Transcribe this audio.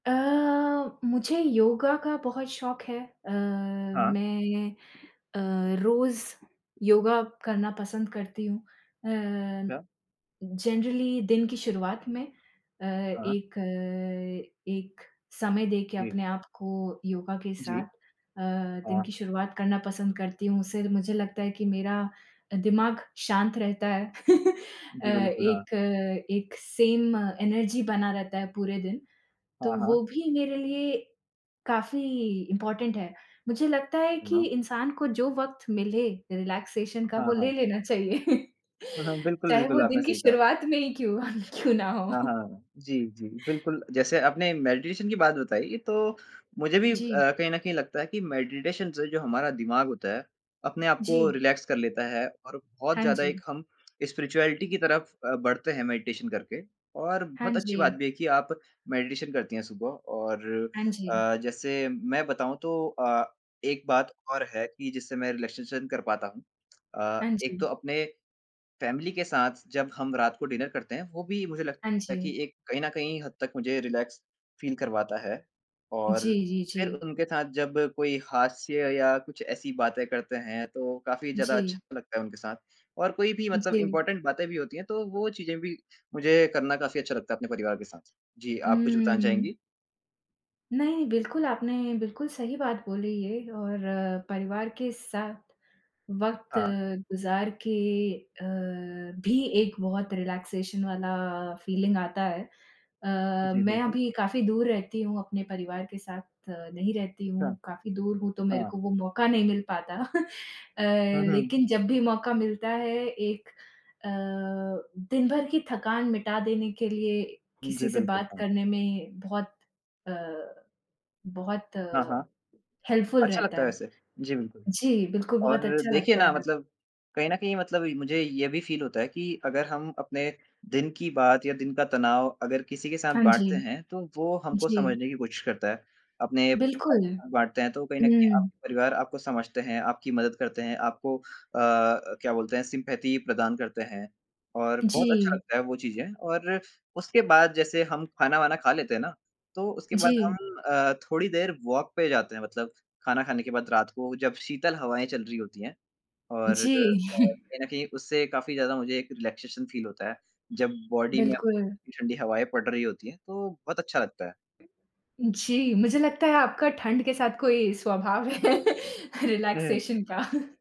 अ, मुझे योगा का बहुत शौक है अ, हाँ। मैं अ, रोज़ योगा करना पसंद करती हूँ। अ, अच्छा। जनरली दिन की शुरुआत में अ, हाँ। एक एक समय देके जी। अपने आप को योगा के जी। साथ अ, दिन हाँ। की शुरुआत करना पसंद करती हूँ, उससे मुझे लगता है कि मेरा अ, दिमाग शांत रहता है। अ, जी, बिल्कुल, हाँ। एक एक सेम एनर्जी बना रहता है पूरे दिन, तो हाँ, हाँ। वो भी मेरे लिए काफ़ी इम्पॉर्टेंट है। मुझे लगता है कि हाँ। इंसान को जो वक़्त मिले रिलैक्सेशन का वो हाँ, ले हाँ। लेना चाहिए। बिल्कुल, चाहे बिल्कुल, वो आपने दिन की सही कहा। शुरुआत में ही क्यों? क्यों ना हो। हाँ, हाँ, हाँ, हाँ, जी, जी, बिल्कुल। जैसे, आपने मेडिटेशन की बात बताई तो मुझे भी अ, जी। कहीं न कहीं लगता है कि मेडिटेशन से जो हमारा दिमाग होता है, अपने आप को जी। रिलैक्स कर लेता है और बहुत हाँ ज़्यादा एक जी। हम स्पिरिचुअलिटी की तरफ अ, बढ़ते हैं मेडिटेशन करके। और हाँ बहुत अच्छी बात जी। भी है कि आप मेडिटेशन करती हैं सुबह और हाँ जी। अ, जैसे मैं बताऊँ तो अ, एक बात और है कि जिससे मैं रिलैक्सेशन कर पाता हूँ। अ, हाँ एक जी। तो अपने फैमिली के साथ जब हम रात को डिनर करते हैं, वो भी मुझे लगता हाँ है कि जी। एक कहीं न कहीं हद तक मुझे रिलैक्स फील करवाता है। और जी, जी, फिर जी। उनके साथ जब कोई हास्य या कुछ ऐसी बातें करते हैं तो काफ़ी ज़्यादा अच्छा जी। लगता है उनके साथ, और कोई भी मतलब जी। इम्पॉर्टेंट बातें भी होती हैं, तो वो चीज़ें भी मुझे करना काफ़ी अच्छा लगता है अपने परिवार के साथ। जी, आप कुछ बताना उम्म। चाहेंगी? नहीं, बिल्कुल आपने बिल्कुल सही बात बोली ये और परिवार के साथ वक़्त हाँ। गुज़ार के अ, भी एक बहुत रिलैक्सेशन वाला फीलिंग आता है। अ, जी, मैं बिल्कुल। अभी काफ़ी दूर रहती हूँ अपने परिवार के साथ नहीं रहती हूँ, अच्छा। काफ़ी दूर हूँ, तो मेरे हाँ। को वो मौका नहीं मिल पाता। अ, हुँ, हुँ। लेकिन जब भी मौका मिलता है, एक अ, दिन भर की थकान मिटा देने के लिए, जी, किसी से बिल्कुल, बात हाँ। करने में बहुत अ, बहुत हाँ, हाँ। हेल्पफुल अच्छा रहता लगता है है। वैसे, जी, बिल्कुल। जी, बिल्कुल बहुत और अच्छा देखिए लगता ना है। मतलब कहीं न कहीं मतलब इ मुझे ये भी फील होता है कि अगर हम अपने दिन की बात या दिन का तनाव अगर किसी के साथ हाँ जी, बाँटते हैं, तो वो हमको जी। समझने की कोशिश करता है। अपने [unintelligible] बिल्कुल, बाँटते हैं तो कहीं न कहीं हुँ। आपके परिवार आपको समझते हैं, आपकी मदद करते हैं, आपको अ अ, क्या बोलते हैं सिम्पैथी प्रदान करते हैं और बहुत अच्छा जी। लगता है वो चीजें और उसके बाद जैसे हम खाना-वाना खा लेते हैं ना, तो उसके बाद जी। हम अ, थोड़ी देर वॉक पे जाते हैं मतलब खाना खाने के बाद रात को जब शीतल हवाएँ चल रही होती हैं। और अ, जी। कहीं न कहीं उससे काफ़ी ज़्यादा मुझे एक रिलैक्सेशन फील होता है, जब बॉडी में बिल्कुल। ठंडी-ठंडी हवाएँ पड़ रही होती हैं, तो बहुत अच्छा लगता है। जी, मुझे लगता है आपका ठंड के साथ कोई स्वभाव है हुँ। रिलैक्सेशन का।